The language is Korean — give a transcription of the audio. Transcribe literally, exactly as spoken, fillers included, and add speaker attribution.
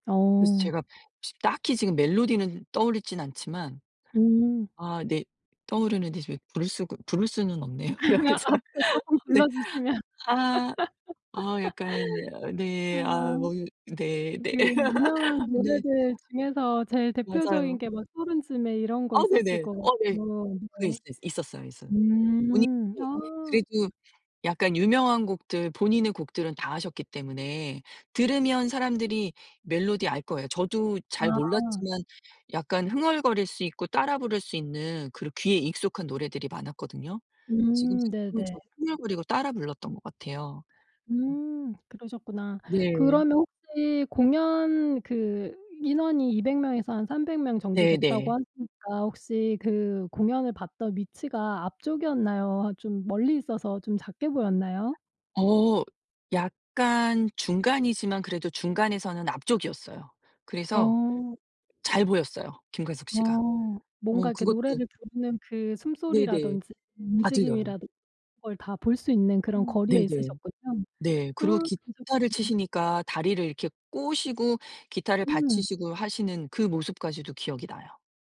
Speaker 1: 그래서
Speaker 2: 어.
Speaker 1: 제가 지금 딱히 지금 멜로디는 떠오르진 않지만.
Speaker 2: 음.
Speaker 1: 아 네. 떠오르는데 지금 부를 수가 부를 수는 없네요 여기서.
Speaker 2: 앞에 쪼끔
Speaker 1: 네.
Speaker 2: 불러 주시면.
Speaker 1: 아. 어 약간 여 네. 아
Speaker 2: 아.
Speaker 1: 뭐 네네.
Speaker 2: 그 유명한
Speaker 1: 네.
Speaker 2: 노래들 중에서 제일 대표적인
Speaker 1: 맞아요.
Speaker 2: 게 뭐 서른 즈음에 이런 거
Speaker 1: 아
Speaker 2: 있었을
Speaker 1: 네네.
Speaker 2: 것
Speaker 1: 어 네.
Speaker 2: 같고.
Speaker 1: 그게
Speaker 2: 네.
Speaker 1: 있어 있었어요. 있었 분익
Speaker 2: 음.
Speaker 1: 부
Speaker 2: 아.
Speaker 1: 그래도 약간 유명한 곡들 본인의 곡들은 다 하셨기 때문에 들으면 사람들이 멜로디 알 거예요. 저도 잘
Speaker 2: 아.
Speaker 1: 몰랐지만 약간 흥얼거릴 수 있고 따라 부를 수 있는 그런 귀에 익숙한 노래들이 많았거든요. 지금
Speaker 2: 음
Speaker 1: 생각하면
Speaker 2: 네네.
Speaker 1: 저도 흥얼거리고 따라 불렀던 것 같아요. 음.
Speaker 2: 음 그러셨구나.
Speaker 1: 네.
Speaker 2: 그러면 혹시 공연 그 인원이 이백 명에서 한 삼백 명 정도 됐다고
Speaker 1: 네네.
Speaker 2: 하시니까 혹시 그 공연을 봤던 위치가 앞쪽이었나요? 아 좀 멀리 있어서 좀 작게 보였나요?
Speaker 1: 어 약간 중간이지만 그래도 중간에서는 앞쪽이었어요. 그래서
Speaker 2: 어.
Speaker 1: 잘 보였어요 김광석 씨가.
Speaker 2: 어. 뭔가
Speaker 1: 뭐
Speaker 2: 이렇게
Speaker 1: 그것도
Speaker 2: 노래를 부르는 그
Speaker 1: 네네.
Speaker 2: 숨소리라든지
Speaker 1: 다 들려요.
Speaker 2: 움직임이라든 걸 다 볼 수 있는
Speaker 1: 어.
Speaker 2: 그런 거리에
Speaker 1: 네네.
Speaker 2: 있으셨군요.
Speaker 1: 네.
Speaker 2: 아
Speaker 1: 그리고
Speaker 2: 그러셨구나.
Speaker 1: 기타를 치시니까 다리를 이렇게 꼬시고 기타를
Speaker 2: 음.
Speaker 1: 받치시고 하시는 그 모습까지도 기억이 나요.